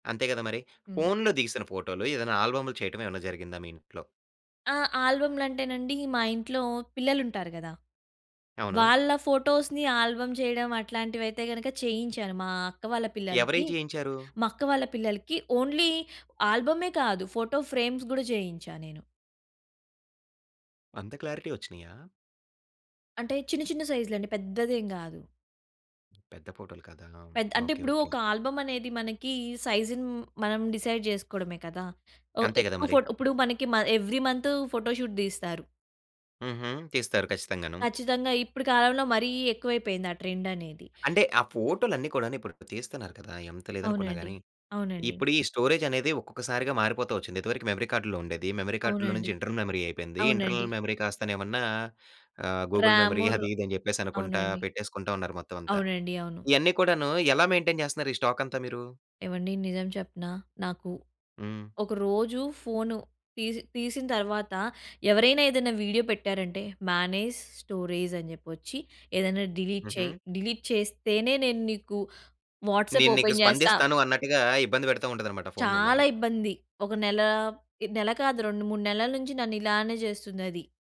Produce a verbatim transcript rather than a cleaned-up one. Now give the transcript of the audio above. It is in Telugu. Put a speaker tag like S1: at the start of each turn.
S1: అంతే కదా మరి.
S2: హ్మ్.
S1: ఫోన్లో దిగిసిన ఫోటోలు ఏదైనా ఆల్బమ్లు చేయటం ఏమైనా జరిగిందా మీ ఇంట్లో?
S2: ఆ! ఆల్బమ్లంటేనండి మా ఇంట్లో పిల్లలు ఉంటారు కదా!
S1: అవును.
S2: వాళ్ళ ఫోటోస్‌ని ఆల్బమ్ చేయడం అట్లాంటివయితే గనక చేయించాను. మా అక్క వాళ్ళ పిల్లలకి.
S1: ఎవరు‌యి చేయించారు?
S2: మా అక్క వాళ్ళ పిల్లలకి ఓన్లీ ఆల్బ‌మే కాదు, ఫోటో ఫ్రేమ్స్ కూడా చేయించా నేను.
S1: అంత క్లారిటీ వచ్చినాయా?
S2: అంటే చిన్న, చిన్న సైజ్‌లండి పెద్ద‌దేం కాదు.
S1: పెద్ద ఫోటో‌లు కదా
S2: పెద్ అంటే
S1: ఓకే.
S2: ఇప్పుడు
S1: ఓకే.
S2: ఒక ఆల్బమ్ అనేది మనకి, సైజ్‌ని మనం డిసైడ్ చేసుకోవడమే కదా! ఒ
S1: అంతే కదా
S2: ఏకువ
S1: మరి.
S2: ఫోట్ ఇప్పుడు మనకి మ ఎవ్రీ మంత్తు ఫోటో షూట్ తీస్తారు.
S1: హుహు. తీస్తారు ఖచ్చితంగాను.
S2: కచ్చితంగా. ఇప్పుడు కాలంలో మరి ఎక్కువ అయిపోయింది. ఆ ట్రెండ్ అనేది.
S1: అంటే, ఆ ఫోటోలన్ని కూడా‌ను ఇప్పుడు తీస్తున్నారు కదా! ఎంత లేదు అనుకున్న
S2: అవునండి.
S1: గాని.
S2: అవునండి.
S1: ఇప్పుడు ఈ స్టోరేజ్ అనేది ఒక్కొక్కసారిగా మారిపోతూ వచ్చింది. ఇంతవరకు మెమరీ కార్డ్‌లో ఉండేది. మెమరీ కార్డ్‌లో
S2: అవునండి.
S1: నుంచి, ఇంటర్నల్ మెమరీ అయిపోయింది.
S2: అవునండి.
S1: ఇంటర్నల్ మెమరీ కాస్తనే ఏమన్నా ఆహ్, గూగుల్ మెమరీ
S2: రాముర్
S1: అది, ఇది అని చెప్పేసి అనుకుంట
S2: అవునండి.
S1: పెట్టేసుకుంట ఉన్నారు మొత్తం అంతా.
S2: అవునండి. అవును.
S1: ఇయన్ని కూడాను, ఎలా మెయింటైన్ చేస్తున్నారు ఈ స్టాక్ అంతా మీరు?
S2: ఏవండీ నిజం చెప్పనా, నాకు
S1: హ్మ్.
S2: ఒక రోజు ఫోను తీసి తీసిన తరువాత, ఎవరైనా ఏదైనా వీడియో పెట్టారంటే, మేనేజ్ స్టోరీజ్ అని చెప్పి వచ్చి ఏదైనా డిలీట్
S1: హుహు.
S2: చెయి. డిలీట్ చేస్తేనే నేను నీకు వాట్సాప్
S1: నేను నీకు
S2: ఓపెన్ చేస్తా
S1: స్పందిస్తాను అన్నట్టుగా ఇబ్బంది పెడతా ఉంటది అనమాట. ఫోన్
S2: చాలా
S1: మిమ్మల్ని.
S2: ఇబ్బంది. ఒక నెల ఇ నెల కాదు రెండు మూడు నెలల నుంచి నన్ను ఇలానే చేస్తుందది.